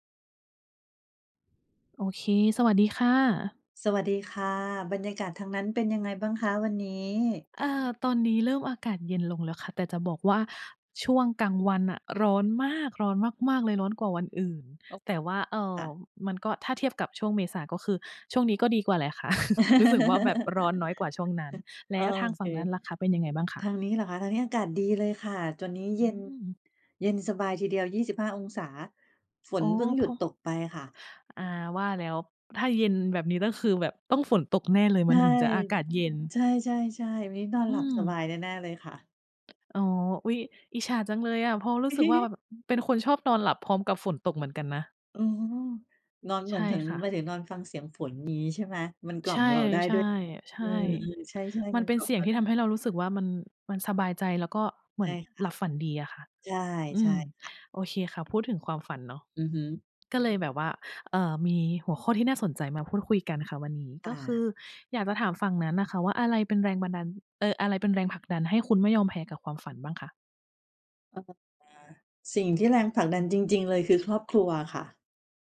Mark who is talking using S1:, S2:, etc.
S1: โอเค สวัสดีค่ะ
S2: สวัสดีค่ะ บรรยากาศทางนั้นเป็นยังไงบ้างคะ? วันนี้
S1: เออ ตอนนี้เริ่มอากาศเย็นลงแล้วค่ะ แต่จะบอกว่า ช่วงกลางวันน่ะร้อนมาก ร้อนมาก ๆ เลย ร้อนกว่าวันอื่น
S2: อ้อ
S1: แต่ว่า เอ่
S2: ค
S1: อ
S2: ่ะ
S1: มันก็ ถ้าเทียบกับช่วงเมษาก็คือ ช่วงนี้ก็ดีกว่าแหละค่ะ รู้สึกว่าแบบร้อนน้อยกว่าช่วงนั้น แล
S2: โอ
S1: ้วทางฝ
S2: เค
S1: ั่งนั้นล่ะค่ะ เป็นยังไงบ้างคะ?
S2: ทางนี้เหรอคะ ทางนี้อากาศดีเลยค่ะ ตอนนี้นี้เ
S1: อ
S2: ย็น
S1: ืม
S2: เย็นสบายทีเดียว 25 องศา ฝ
S1: อ๋
S2: น
S1: อ
S2: เพิ่งหย
S1: พ
S2: ุด
S1: อ
S2: ตกไปอะค่ะ
S1: อา ว่าแล้ว ถ้าเย็นแบบนี้ ก็คือแบบต้องฝน ตกแน่เลย
S2: ใ
S1: ม
S2: ช
S1: ัน
S2: ่
S1: ถึงจะอากาศเย็น
S2: ใช่ ๆ ๆ วันนี้นอน
S1: อ
S2: ห
S1: ื
S2: ลับส
S1: ม
S2: บายแน่ ๆ เลยค่ะ
S1: อ๋อ อุ๊ย อิจฉาจังเลยอะ เพราะรู้สึกว่า ว แบบ อืม เป็นคนชอบนอนหลับพร้อมกับฝนตกเหมือนกันนะ
S2: อือฮึ นอน เ
S1: ใ
S2: ห
S1: ช
S2: มือ
S1: ่
S2: นถึง
S1: ค่ะ
S2: หมายถึงนอนฟังเสียงฝน อย่างงี้ใช่ไหม เออ มัน
S1: ใช่เลย ใช่ ใช
S2: ก
S1: ่
S2: ล่อมเราได้ด้วย อืม ๆ ใช่
S1: มั
S2: ๆ ม
S1: น
S2: ัน
S1: เป็
S2: ก
S1: น
S2: ล่อ
S1: เ
S2: ม
S1: สี่ย
S2: เร
S1: ง
S2: า
S1: ที
S2: ไ
S1: ่
S2: ด
S1: ท
S2: ้
S1: ำให้เรารู้สึกว่ามัน มันสบายใจ แล้วก็เหม
S2: ใช
S1: ือ
S2: ่
S1: น
S2: ค่
S1: ห
S2: ะ
S1: ลับฝันดีอะค่ะ
S2: ใช่
S1: อื
S2: ใช่
S1: ม
S2: ค่ะ
S1: โอเค ค่ะ พูดถึงความฝันเนาะ
S2: อือฮึ
S1: ก็เลยแบบว่า เออ มีหัวข้อที่น่าสนใจ มาพูดคุยกันค่ะวันนี้
S2: ค
S1: ก
S2: ่
S1: ็คื
S2: ะ
S1: ออยากจะถามฝั่งนั้นน่ะค่ะ ว่าอะไรเป็นแรงบันดาล เอ่อ อะไรเป็นแรงผลักดันให้คุณไม่ยอมแพ้กับความฝันบ้างคะ?
S2: อ่า สิ่งที่ แรงผลักดันจริง ๆ เลยคือครอบครัวค่ะ